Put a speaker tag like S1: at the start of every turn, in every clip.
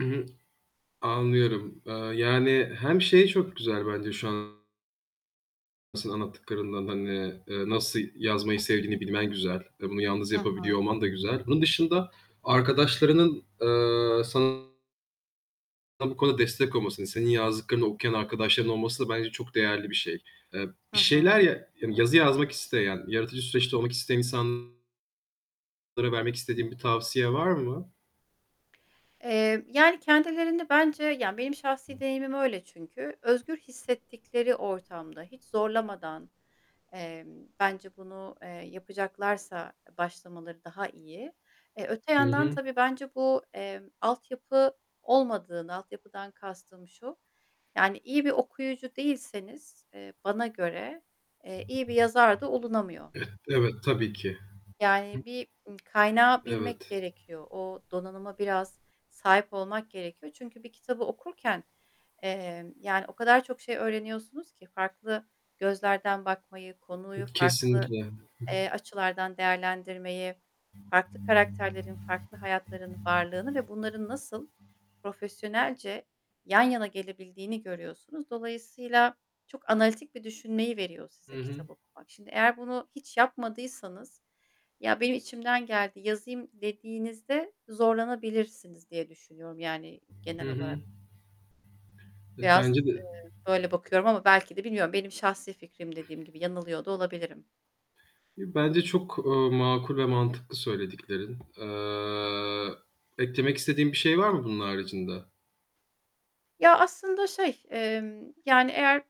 S1: Hı hı. Anlıyorum, eee, yani, hem şey çok güzel bence şu an nasıl anlattıklarınla, hani, eee, nasıl yazmayı sevdiğini bilmen güzel ve bunu yalnız
S2: Hı hı.
S1: yapabiliyor olman da güzel. Bunun dışında arkadaşlarının, eee, sana bu konuda destek olmasını, senin yazdıklarını okuyan arkadaşların olması da bence çok değerli bir şey. Eee,
S2: Hı
S1: bir
S2: hı.
S1: şeyler ya yazı yazmak isteyen, yaratıcı süreçte olmak isteyen insanlara vermek istediğin bir tavsiye var mı?
S2: Emm, yani, kendilerini bence, yani, benim şahsi deneyimim öyle çünkü, özgür hissettikleri ortamda, hiç zorlamadan, emm, bence bunu, eee, yapacaklarsa başlamaları daha iyi. Eee, öte
S1: Hı
S2: yandan,
S1: hı.
S2: tabii, bence bu, emm, altyapı olmadığını, altyapıdan kastım şu, yani, iyi bir okuyucu değilseniz, eee, bana göre, eee, iyi bir yazar da olunamıyor.
S1: Eh. Evet, tabii ki.
S2: Yani, bir kaynağı bilmek
S1: Evet.
S2: gerekiyor. O donanıma biraz sahip olmak gerekiyor. Çünkü bir kitabı okurken, emm, yani, o kadar çok şey öğreniyorsunuz ki farklı gözlerden bakmayı, konuyu farklı,
S1: Kesinlikle. Hı hı.
S2: eee, açılardan değerlendirmeyi, farklı karakterlerin, farklı hayatların varlığını ve bunların nasıl profesyonelce yan yana gelebildiğini görüyorsunuz. Dolayısıyla çok analitik bir düşünmeyi veriyor
S1: Hı
S2: size
S1: hı.
S2: kitap okumak. Şimdi eğer bunu hiç yapmadıysanız, "Ya, benim içimden geldi yazayım." dediğinizde zorlanabilirsiniz diye düşünüyorum, yani, genel
S1: Hı
S2: olarak.
S1: hı. Eee, bence
S2: Biraz, eee,
S1: de.
S2: böyle bakıyorum ama belki de bilmiyorum, benim şahsi fikrim dediğim gibi yanılıyor da olabilirim.
S1: Bence çok, eee, makul ve mantıklı söylediklerin. Eee, eklemek istediğin bir şey var mı bunun haricinde?
S2: Ya, aslında şey, emm, yani, eğer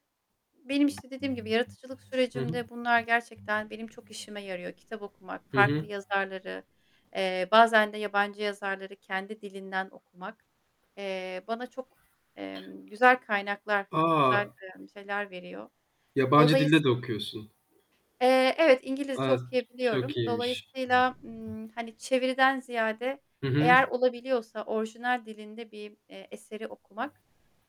S2: benim işte dediğim gibi yaratıcılık
S1: Hı hı.
S2: sürecimde bunlar gerçekten benim çok işime yarıyor. Kitap okumak,
S1: Hı
S2: farklı
S1: hı.
S2: yazarları, eee, bazen de yabancı yazarları kendi dilinden okumak, eee, bana çok, emm, güzel kaynaklar, eee, güzel,
S1: A!
S2: emm, şeyler veriyor.
S1: Yabancı
S2: Dolayıs
S1: dilde de okuyorsun.
S2: eee, evet, İngilizce
S1: A! Ç
S2: okuyabiliyorum.
S1: çok iyiymiş.
S2: Dolayısıyla, ımm, hani, çeviriden ziyade
S1: Hı hı.
S2: eğer olabiliyorsa orijinal dilinde bir, eee, eseri okumak,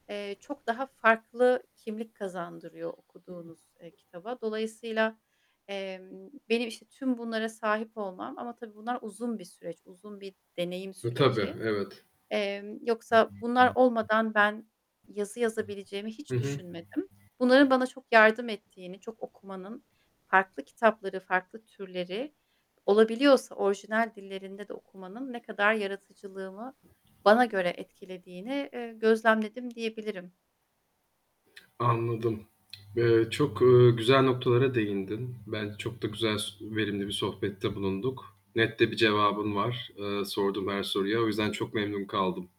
S2: eee, çok daha farklı kimlik kazandırıyor okuduğunuz, eee, kitaba. Dolayısıyla, emm, benim, işte, tüm bunlara sahip olmam ama tabii bunlar uzun bir süreç, uzun bir deneyim
S1: E, tabii,
S2: süreci.
S1: evet.
S2: Emm, yoksa bunlar olmadan ben yazı yazabileceğimi
S1: Hı
S2: hiç
S1: hı.
S2: düşünmedim. Bunların bana çok yardım ettiğini, çok okumanın, farklı kitapları, farklı türleri, olabiliyorsa orijinal dillerinde de okumanın ne kadar yaratıcılığımı bana göre etkilediğini, eee, gözlemledim diyebilirim.
S1: Anladım. Eee, çok, ııı, güzel noktalara değindin. Bence çok da güzel, s verimli bir sohbette bulunduk. Net de bir cevabın var. Eee, sorduğum her soruya. O yüzden çok memnun kaldım.